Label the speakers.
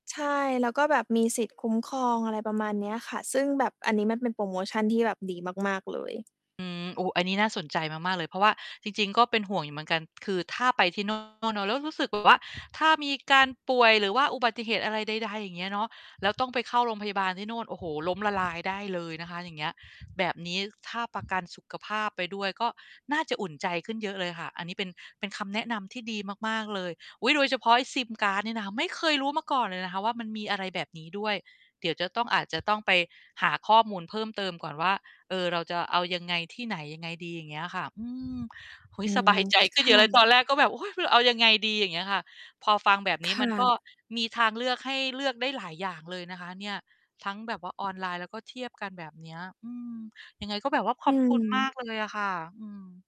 Speaker 1: ใช่ แล้วก็แบบมี สิทธิ์ คุ้มครอง อะไร ประมาณ เนี้ยค่ะ ซึ่งแบบอันนี้มันเป็นโพรโมชันที่แบบ ดีมาก ๆ เลย
Speaker 2: อืม โอ้ อันนี้น่าสนใจมาก ๆ เลย เพราะว่า จริง ๆ ก็เป็นห่วงอยู่เหมือนกัน คือถ้าไปที่ โน่น เนาะ แล้วรู้สึกแบบ ว่า ถ้ามีการป่วย หรือว่าอุบัติเหตุอะไรใด ๆ อย่างเงี้ยเนาะ แล้วต้องไปเข้าโรงพยาบาลที่โน่น โอ้โฮ ล้มละลายได้เลยนะคะ อย่างเงี้ย แบบนี้ถ้าประกันสุขภาพ ไปด้วย ก็น่าจะอุ่นใจขึ้นเยอะเลยค่ะ อันนี้เป็น เป็นคำแนะนำที่ดีมาก ๆ เลย อุ๊ย! โดยเฉพาะไอ้ซิมการ์ดเนี่ยนะ ไม่เคยรู้มาก่อนเลยว่า มันมีอะไรแบบนี้ด้วย เดี๋ยวจะต้อง อาจจะต้องไปหาข้อมูลเพิ่มเติมก่อนว่า เออ เราจะเอายังไงที่ไหน ยังไงดี อย่างเงี้ยค่ะ อืม เฮ้
Speaker 1: อ
Speaker 2: ย
Speaker 1: ื
Speaker 2: ส
Speaker 1: ม
Speaker 2: บายใจขึ
Speaker 1: ค
Speaker 2: ้นเยอ
Speaker 1: ่
Speaker 2: ะเลย ต
Speaker 1: ะ
Speaker 2: อนแรกก็แบบ โอ้ย! เอายังไงดี อย่างเงี้ยค่ะ พอฟังแบบน
Speaker 1: ค
Speaker 2: ี้ม
Speaker 1: ่
Speaker 2: ัน ก็
Speaker 1: ะ
Speaker 2: มีทางเลือกให้เลือกได้หลายอย่างเลยนะคะเนี่ย ทั้งแบบว่าออนไลน์แล้ว ก็เทียบกันแบบเนี้ย อืม ยังไงก็แบบว่าข
Speaker 1: อ
Speaker 2: อ
Speaker 1: ื
Speaker 2: บ คุณ ม
Speaker 1: ม
Speaker 2: ากเลยอะค่ะ อืม